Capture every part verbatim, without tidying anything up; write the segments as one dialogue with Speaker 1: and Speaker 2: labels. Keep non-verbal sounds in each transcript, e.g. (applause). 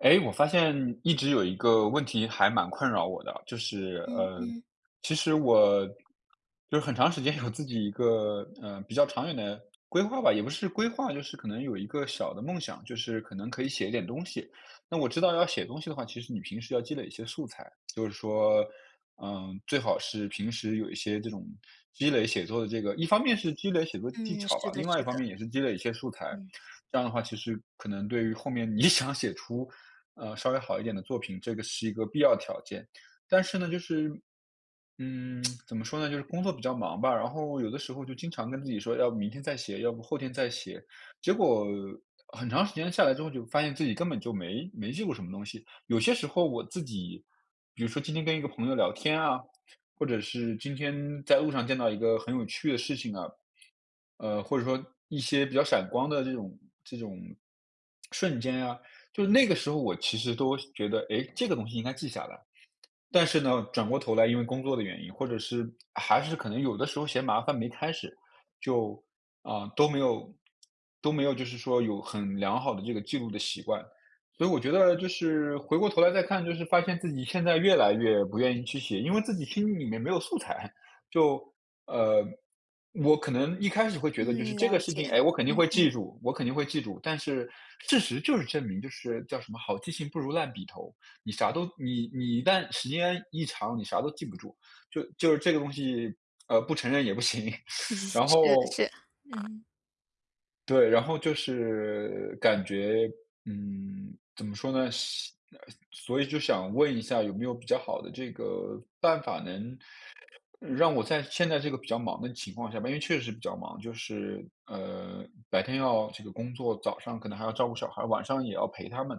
Speaker 1: 哎，我发现一直有一个问题还蛮困扰我的，就是，
Speaker 2: 嗯
Speaker 1: 呃，
Speaker 2: 嗯。
Speaker 1: 其实我，就是很长时间有自己一个，呃，比较长远的规划吧，也不是规划，就是可能有一个小的梦想。就是可能可以写一点东西，那我知道要写东西的话，其实你平时要积累一些素材。就是说，嗯，最好是平时有一些这种积累写作的这个一方面是积累写作技
Speaker 2: 嗯，
Speaker 1: 巧
Speaker 2: 是
Speaker 1: 吧，
Speaker 2: 的
Speaker 1: 另外一
Speaker 2: 是
Speaker 1: 方
Speaker 2: 的。
Speaker 1: 面也是积累一些素材，
Speaker 2: 嗯。
Speaker 1: 这样的话其实可能对于后面你想写出，呃，稍微好一点的作品，这个是一个必要条件。但是呢就是，嗯，(smacks lips) 怎么说呢，就是工作比较忙吧，然后有的时候就经常跟自己说要明天再写，要不后天再写，结果很长时间下来之后就发现自己根本就没没记过什么东西。有些时候我自己，比如说今天跟一个朋友聊天啊，或者是今天在路上见到一个很有趣的事情啊，呃，或者说一些比较闪光的这种这种瞬间啊，就是那个时候我其实都觉得，哎，这个东西应该记下来。但是呢，转过头来因为工作的原因，或者是还是可能有的时候嫌麻烦没开始，就，呃，都没有都没有就是说有很良好的这个记录的习惯。所以我觉得就是回过头来再看就是发现自己现在越来越不愿意去写，因为自己心里面没有素材，就，呃，我可能一开始会觉得就是
Speaker 2: 嗯，
Speaker 1: 这个
Speaker 2: 了
Speaker 1: 事情，
Speaker 2: 解，
Speaker 1: 哎，我肯定
Speaker 2: 嗯
Speaker 1: 会记
Speaker 2: 嗯。
Speaker 1: 住我肯定会记住，但是事实就是证明就是叫什么好记性不如烂笔头，你啥都你你一旦时间一长，你啥都记不住，就就是这个东西，呃，不承认也不行，(sucks teeth)
Speaker 2: (chuckles)
Speaker 1: 然
Speaker 2: 是
Speaker 1: 后
Speaker 2: 是，嗯。
Speaker 1: 对，然后就是感觉，嗯，怎么说呢？想所以就想问一下有没有比较好的这个办法能让我在现在这个比较忙的情况下吧因为确实比较忙。就是，呃，白天要这个工作，早上可能还要照顾小孩儿，晚上也要陪他们，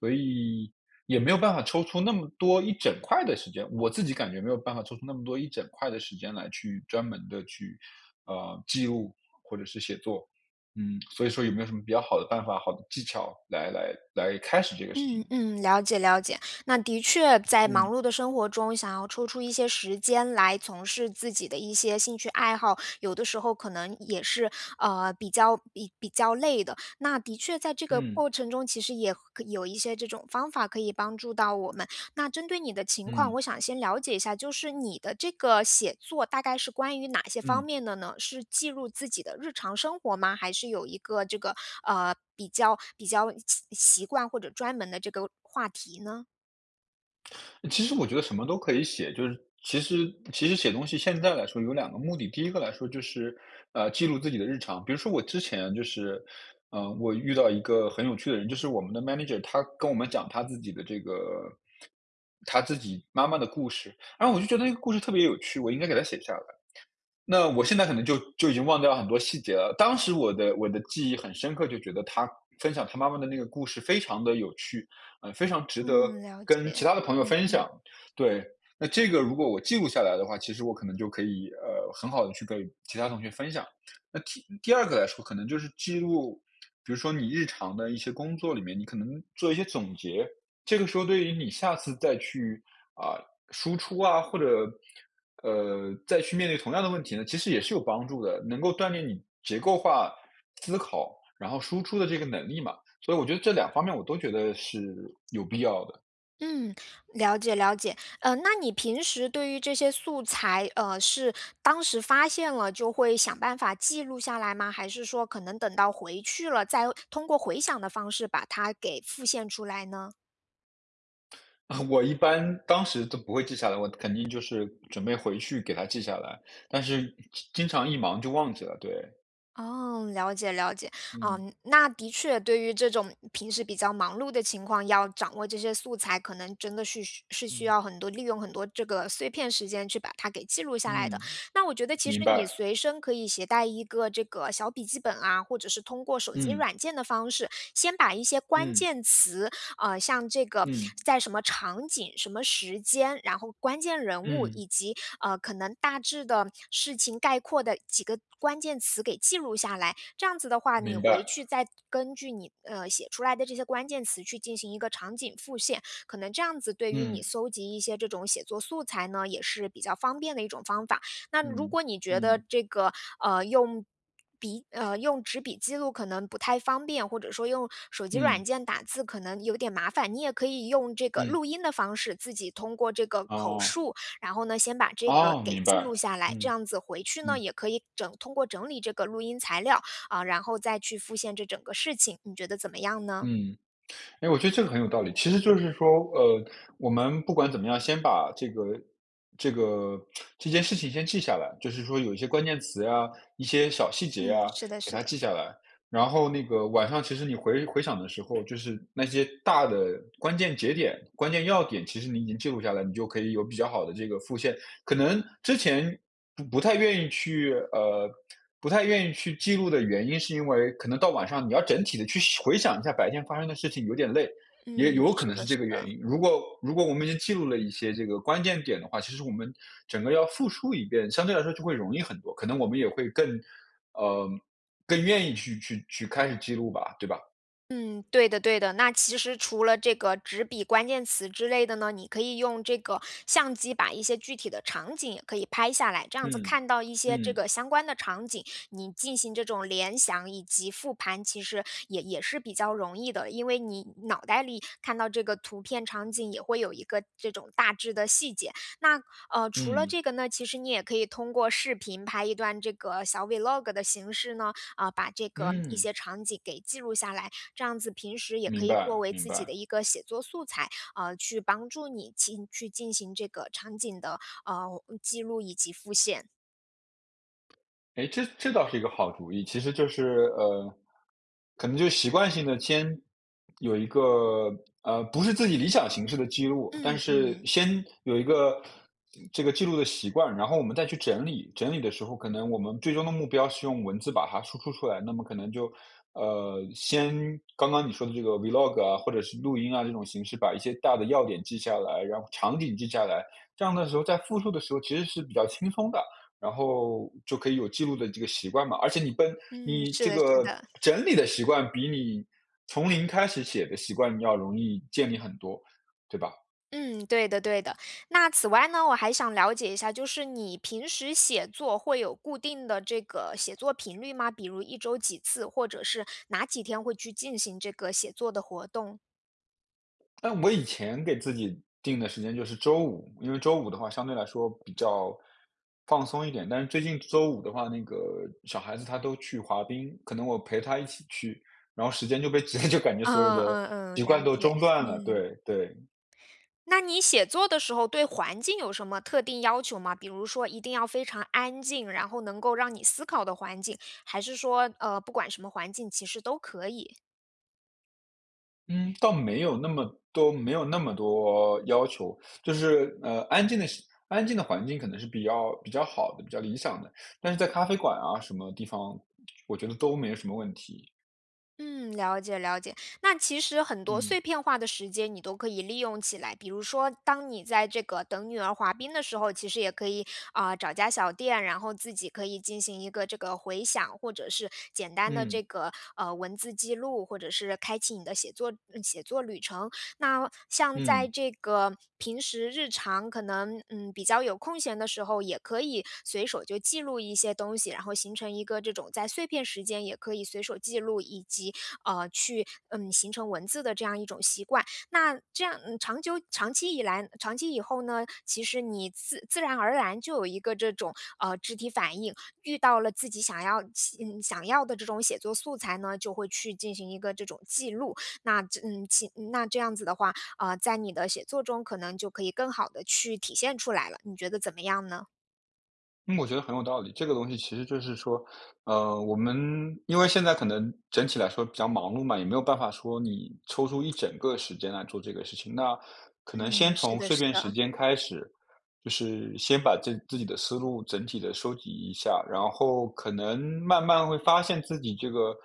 Speaker 1: 所以也没有办法抽出那么多一整块的时间我自己感觉没有办法抽出那么多一整块的时间来去专门地去，呃，记录或者是写作。嗯，所以说有没有什么比较好的办法、好的技巧来来来开始这个事
Speaker 2: 嗯，
Speaker 1: 情。
Speaker 2: 嗯，了解了解。那的确在忙
Speaker 1: 嗯。
Speaker 2: 碌的生活中，想要抽出一些时间来从事自己的一些兴趣爱好，有的时候可能也是，呃，比较比较累的。那的确在这个过
Speaker 1: 嗯。
Speaker 2: 程中，其实也可有一些这种方法可以帮助到我们。那针对你的情况，
Speaker 1: 嗯。
Speaker 2: 我想先了解一下，就是你的这个写作大概是关于哪些方
Speaker 1: 嗯。
Speaker 2: 面的呢？是记录自己的日常生活吗？还是有一个这个，呃，比较比较习习惯或者专门的这个话题呢？
Speaker 1: 其实我觉得什么都可以写，就是其实其实写东西现在来说有两个目的。第一个来说就是，呃，记录自己的日常，比如说我之前就是，呃，我遇到一个很有趣的人，就是我们的 manager。他跟我们讲他自己的这个他自己妈妈的故事。然后我就觉得那个故事特别有趣，我应该给他写下来。那我现在可能就就已经忘掉很多细节了。当时我的我的记忆很深刻，就觉得他分享他妈妈的那个故事非常地有趣，呃，非常值得
Speaker 2: 嗯，了
Speaker 1: 跟其
Speaker 2: 解，
Speaker 1: 他的朋友
Speaker 2: 嗯
Speaker 1: 分
Speaker 2: 嗯。
Speaker 1: 享。对，那这个如果我记录下来的话，其实我可能就可以，呃，很好地去跟其他同学分享。那第第二个来说可能就是记录比如说你日常的一些工作里面，你可能做一些总结。这个时候对于你下次再去，啊，输出啊，或者，呃，再去面对同样的问题呢，其实也是有帮助的。能够锻炼你结构化思考，然后输出的这个能力嘛，所以我觉得这两方面我都觉得是有必要的。
Speaker 2: 嗯，了解了解。呃，那你平时对于这些素材，呃，是当时发现了就会想办法记录下来吗？还是说可能等到回去了，再通过回想的方式把它给复现出来呢？
Speaker 1: (chuckles) 我一般，当时都不会记下来，我肯定就是准备回去给它记下来，但是经经常一忙就忘记了，对。
Speaker 2: 哦，了解了解。
Speaker 1: 嗯。
Speaker 2: 嗯，那的确对于这种，平时比较忙碌的情况，要掌握这些素材，可能真的是需是需
Speaker 1: 嗯。
Speaker 2: 要很多，利用很多这个碎片时间去把它给记录下来的。
Speaker 1: 嗯，
Speaker 2: 那我觉得其实
Speaker 1: 明
Speaker 2: 你
Speaker 1: 白。
Speaker 2: 随身可以携带一个这个小笔记本啊，或者是通过手机
Speaker 1: 嗯。
Speaker 2: 软件的方式，先把一些关
Speaker 1: 嗯。
Speaker 2: 键词，呃，像这个，
Speaker 1: 嗯。
Speaker 2: 在什么场景、什么时间，然后关键人物，
Speaker 1: 嗯。
Speaker 2: 以及，呃，可能大致的事情，概括的几个关键词给记录下来，这样子的话，你
Speaker 1: 明
Speaker 2: 回
Speaker 1: 白。
Speaker 2: 去再根据你，呃，写出来的这些关键词去进行一个场景复现。可能这样子对于你
Speaker 1: 嗯。
Speaker 2: 搜集一些这种写作素材呢，也是比较方便的一种方法。那如
Speaker 1: 嗯，
Speaker 2: 果你觉得
Speaker 1: 嗯。
Speaker 2: 这个，呃，用笔呃，用纸笔记录可能不太方便，或者说用手机软
Speaker 1: 嗯。
Speaker 2: 件打字可能有点麻烦，你也可以用这个
Speaker 1: 嗯。
Speaker 2: 录音的方式，自己通过这个口
Speaker 1: 哦。
Speaker 2: 述，然后呢，先把这个
Speaker 1: 哦，
Speaker 2: 给
Speaker 1: 明
Speaker 2: 记
Speaker 1: 白。
Speaker 2: 录下来，这
Speaker 1: 嗯，
Speaker 2: 样子回去呢，
Speaker 1: 嗯。
Speaker 2: 也可以整通过整理这个录音材料，啊，然后再去复现这整个事情，你觉得怎么样呢？
Speaker 1: 嗯，诶，我觉得这个很有道理。其实就是说，呃，我们不管怎么样，先把这个这个 (tsk) 这件事情先记下来，就是说有一些关键词啊，一些小细节
Speaker 2: 嗯，
Speaker 1: 呀，
Speaker 2: 是的
Speaker 1: 给
Speaker 2: 是
Speaker 1: 它
Speaker 2: 的。
Speaker 1: 记下来，然后那个晚上其实你回回想的时候，就是那些大的，关键节点，关键要点其实你已经记录下来，你就可以有比较好的这个复现。可能之前不不太愿意去，呃，(tsk) 不太愿意去记录的原因是因为，可能到晚上你要整体地去回想一下白天发生的事情，有点累，也
Speaker 2: 嗯，
Speaker 1: 有可
Speaker 2: 是
Speaker 1: 能
Speaker 2: 的
Speaker 1: 是这
Speaker 2: 是
Speaker 1: 个原
Speaker 2: 的。
Speaker 1: 因。如果如果我们已经记录了一些这个关键点的话，其实我们整个要复述一遍，相对来说就会容易很多，可能我们也会更呃，更愿意去去去开始记录吧，对吧？
Speaker 2: 嗯，对的对的，那其实除了这个纸笔关键词之类的呢，你可以用这个相机把一些具体的场景也可以拍下来，这样子
Speaker 1: 嗯，
Speaker 2: 看到一些这
Speaker 1: 嗯。
Speaker 2: 个相关的场景，你进行这种联想以及复盘，其实也也是比较容易的，因为你脑袋里看到这个图片场景也会有一个这种大致的细节。那，呃，除了
Speaker 1: 嗯。
Speaker 2: 这个呢，其实你也可以通过视频拍一段这个小 vlog 的形式呢，啊，把这个一
Speaker 1: 嗯。
Speaker 2: 些场景给记录下来，这样子平时也可
Speaker 1: 明
Speaker 2: 以作
Speaker 1: 白
Speaker 2: 为
Speaker 1: 明
Speaker 2: 自己的
Speaker 1: 白。
Speaker 2: 一个写作素材，呃，去帮助你进去进行这个场景的，呃，记录以及复现。
Speaker 1: 哎，这这倒是一个好主意。其实就是呃，可能就习惯性地先有一个，呃，不是自己理想形式的记录，
Speaker 2: 嗯
Speaker 1: 但是
Speaker 2: 嗯。
Speaker 1: 先有一个这个记录的习惯，然后我们再去整理，整理的时候可能我们最终的目标是用文字把它输出出来，那么可能就，呃，先刚刚你说的这个 vlog 啊，或者是录音啊这种形式把一些大的要点记下来，然后场景记下来。这样的时候在复述的时候其实是比较轻松的，然后就可以有记录的这个习惯嘛，而且你本
Speaker 2: 嗯，
Speaker 1: 你
Speaker 2: 是
Speaker 1: 这
Speaker 2: 的是
Speaker 1: 个
Speaker 2: 的。
Speaker 1: 整理的习惯比你从零开始写的习惯要容易建立很多，对吧？
Speaker 2: 嗯，对的对的。那此外呢我还想了解一下，就是你平时写作会有固定的这个写作频率吗？比如一周几次。或者是哪几天会去进行这个写作的活动？
Speaker 1: 但我以前给自己定的时间就是周五，因为周五的话相对来说比较放松一点。但是最近周五的话，那个小孩子她都去滑冰，可能我陪她一起去，然后时间就被直接就感觉所有
Speaker 2: 啊，
Speaker 1: 的
Speaker 2: 嗯
Speaker 1: 习
Speaker 2: 嗯，
Speaker 1: 惯
Speaker 2: 了
Speaker 1: 都
Speaker 2: 解。
Speaker 1: 中断了，
Speaker 2: 嗯。
Speaker 1: 对对。
Speaker 2: 那你写作的时候对环境有什么特定要求吗？比如说一定要非常安静，然后能够让你思考的环境，还是说，呃，不管什么环境，其实都可以。
Speaker 1: 嗯，倒没有那么多没有那么多要求。就是，呃，安静的安静的环境可能是比较比较好的，比较理想的。但是在咖啡馆啊什么地方，(smacks lips) 我觉得都没有什么问题。
Speaker 2: 嗯，了解了解。那其实很多
Speaker 1: 嗯。
Speaker 2: 碎片化的时间你都可以利用起来，比如说当你在这个等女儿滑冰的时候，其实也可以，呃，找家小店，然后自己可以进行一个这个回想，或者是简单地
Speaker 1: 嗯。
Speaker 2: 这个，呃，文字记录。或者是开启你的写作嗯，写作旅程。那像在
Speaker 1: 嗯。
Speaker 2: 这个平时日常可能，嗯，比较有空闲的时候，也可以随手就记录一些东西，然后形成一个这种在碎片时间也可以随手记录，以及，啊，去，嗯，形成文字的这样一种习惯。那这样，呃，长久长期以来长期以后呢，其实你自自然而然就有一个这种，呃，肢体反应，遇到了自己想要期嗯，想要的这种写作素材呢，就会去进行一个这种记录。那，嗯，期那这样子的话，啊，在你的写作中可能就可以更好地去体现出来了，你觉得怎么样呢？
Speaker 1: 嗯，我觉得很有道理，这个东西其实就是说，呃，我们因为现在可能整体来说比较忙碌嘛，也没有办法说你抽出一整个时间来做这个事情，那可能先
Speaker 2: 嗯，是
Speaker 1: 从
Speaker 2: 的
Speaker 1: 碎
Speaker 2: 是
Speaker 1: 片时
Speaker 2: 的。
Speaker 1: 间开始，就是先把自自己的思路整体地收集一下，然后可能慢慢会发现自己这个，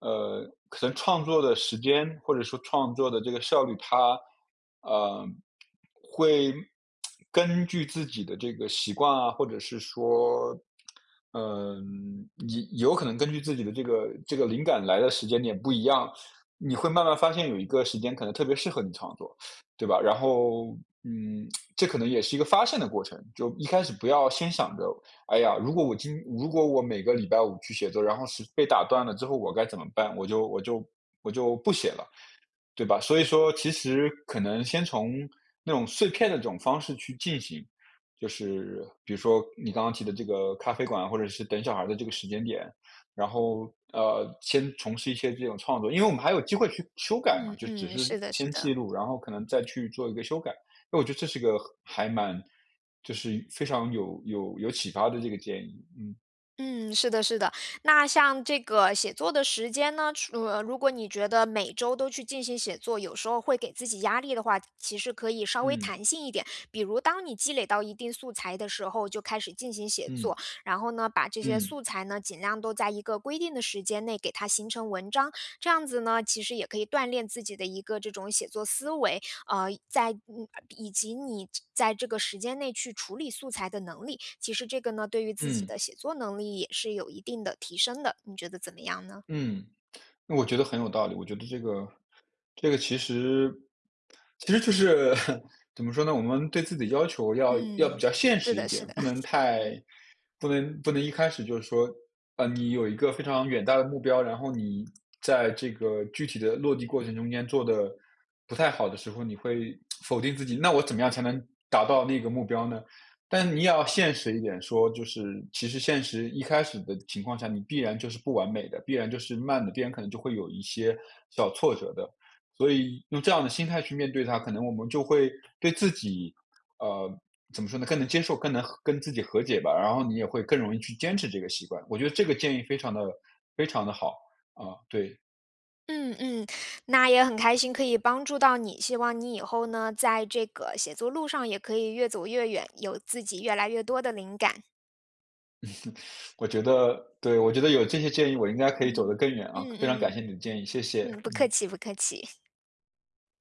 Speaker 1: 呃，可能创作的时间或者说创作的这个效率，它，呃，会，(smacks lips) 根据自己的这个习惯啊，或者是说，(smacks lips) 呃，你有可能根据自己的这个这个灵感来的时间点不一样，(sucks teeth) 你会慢慢发现有一个时间可能特别适合你创作。(sucks teeth) 对吧？然后，嗯，(smacks lips) 这可能也是一个发现的过程，就一开始不要先想着，哎呀，如果我今如果我每个礼拜五去写作，然后是被打断了之后我该怎么办，我就我就我就不写了。对吧？所以说其实可能先从那种碎片的这种方式去进行，就是比如说，你刚刚提的这个咖啡馆或者是等小孩儿的这个时间点，然后，呃，先从事一些这种创作，因为我们还有机会去修改嘛，
Speaker 2: 嗯
Speaker 1: 就只
Speaker 2: 嗯，
Speaker 1: 是
Speaker 2: 是的是
Speaker 1: 先
Speaker 2: 的。
Speaker 1: 记录，然后可能再去做一个修改，因为我觉得这是一个还蛮就是非常有有有启发的这个建议。嗯。
Speaker 2: 嗯，是的是的，那像这个写作的时间呢，除呃，如果你觉得每周都去进行写作，有时候会给自己压力的话，其实可以稍微
Speaker 1: 嗯。
Speaker 2: 弹性一点。比如当你积累到一定素材的时候就开始进行写作，
Speaker 1: 嗯。
Speaker 2: 然后呢把这些素
Speaker 1: 嗯。
Speaker 2: 材呢，尽量都在一个规定的时间内给它形成文章。这样子呢，其实也可以锻炼自己的一个这种写作思维，呃，在嗯，以及你在这个时间内去处理素材的能力。其实这个呢，对于自己
Speaker 1: 嗯。
Speaker 2: 的写作能力也是有一定的提升的，你觉得怎么样呢？
Speaker 1: 嗯，(tsk) 那我觉得很有道理。我觉得这个这个其实其实就是 (chuckles) 怎么说呢，我们对自己要求要要比
Speaker 2: 嗯，
Speaker 1: 较现
Speaker 2: 是
Speaker 1: 实一
Speaker 2: 的是
Speaker 1: 点，
Speaker 2: 的。
Speaker 1: 不能
Speaker 2: (chuckles)
Speaker 1: 太
Speaker 2: 嗯。
Speaker 1: 不能不能一开始就是说，呃，你有一个非常远大的目标，然后你在这个具体的落地过程中间做得不太好的时候你会 (tsk) 否定自己。那我怎么样才能达到那个目标呢？但你也要现实一点说，就是其实现实，一开始的情况下，你必然就是不完美的，必然就是慢的，必然可能就会有一些小挫折的。所以用这样的心态去面对它，可能我们就会对自己，呃，怎么说呢，更能接受，更能跟自己和解吧，然后你也会更容易去坚持这个习惯，我觉得这个建议非常地非常地好，啊，对。
Speaker 2: 嗯嗯，那也很开心可以帮助到你。希望你以后呢在这个写作路上也可以越走越远，有自己越来越多的灵感。
Speaker 1: (laughs) 我觉得，对，我觉得有这些建议我应该可以走得
Speaker 2: 嗯，
Speaker 1: 更远啊。
Speaker 2: 嗯嗯
Speaker 1: 非常感谢
Speaker 2: 嗯。
Speaker 1: 你的建议，谢谢，
Speaker 2: 嗯，不客
Speaker 1: 嗯。
Speaker 2: 气，不客气。